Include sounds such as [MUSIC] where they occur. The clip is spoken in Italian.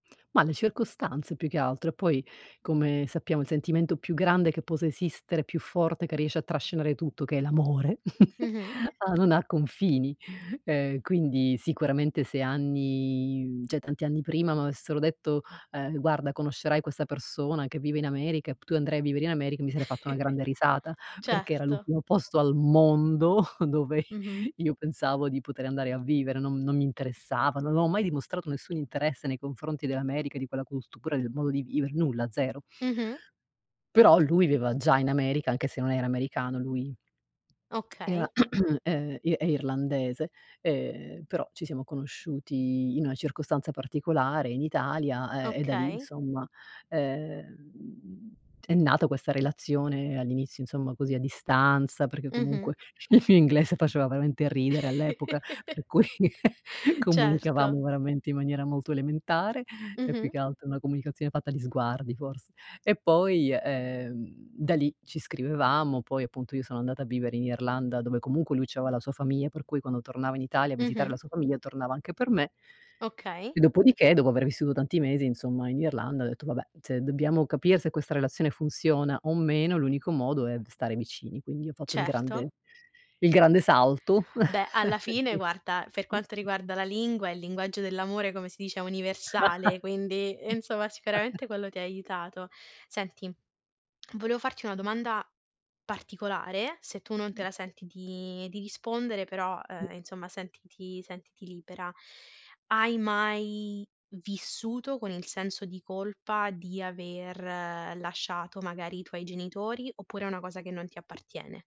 Ma le circostanze più che altro. E poi, come sappiamo, il sentimento più grande che possa esistere, più forte, che riesce a trascinare tutto, che è l'amore. [CHUCKLES] Mh-mh. Ah, non ha confini. Ehm, quindi sicuramente se anni mhmm, cioè tanti anni prima m'avessero detto: "Ehm, guarda conoscerai questa persona che vive in America e p tu andrai a vivere in America," mi sarei fatta una [CHUCKLES] grande risata, perché era Certo. l'ultimo posto al mondo [CHUCKLES] dove Mh-mh. [CHUCKLES] io pensavo di poter andare a vivere, non non mi interessava, non ho mai dimostrato nessun interesse nei confronti dell'America di quella cultura, del modo di vivere, nulla, 0. Mh-mh. Però lui viveva già in America, anche se non era americano, lui [SMACKS LIPS] era, Okay. [CLEARS THROAT] ehm, i è irlandese, ehm, però ci siamo conosciuti in una circostanza particolare in Italia, ehm, e da lì Okay. insomma, ehm, è nata questa relazione all'inizio insomma così a distanza, perché Mh-mh. comunque il mio inglese faceva veramente ridere all'epoca, [CHUCKLES] per cui [CHUCKLES] Certo. comunicavamo veramente in maniera molto elementare, e più Mh-mh. che altro una comunicazione fatta di sguardi forse. E poi, ehm, da lì ci scrivevamo, poi appunto io sono andata a vivere in Irlanda dove comunque lui c'aveva la sua famiglia, per cui quando tornava in Italia a visitare Mh-mh. la sua famiglia tornava anche per me. Okay. E dopodiché, dopo aver vissuto tanti mesi insomma in Irlanda, ho detto: "Vabbè, se dobbiamo capire se questa relazione funziona o meno, l'unico modo è v stare vicini." Quindi ho fatto il Certo. grande il grande salto. Beh, alla fine guarda, per quanto [CHUCKLES] riguarda la lingua, il linguaggio dell'amore come si dice è universale, quindi insomma sicuramente [CHUCKLES] quello ti ha aiutato. Senti, volevo farti una domanda particolare, se tu non te la senti di di rispondere però, ehm, insomma sentiti sentiti libera. Hai mai vissuto con il senso di colpa di aver lasciato magari i tuoi genitori oppure è una cosa che non ti appartiene?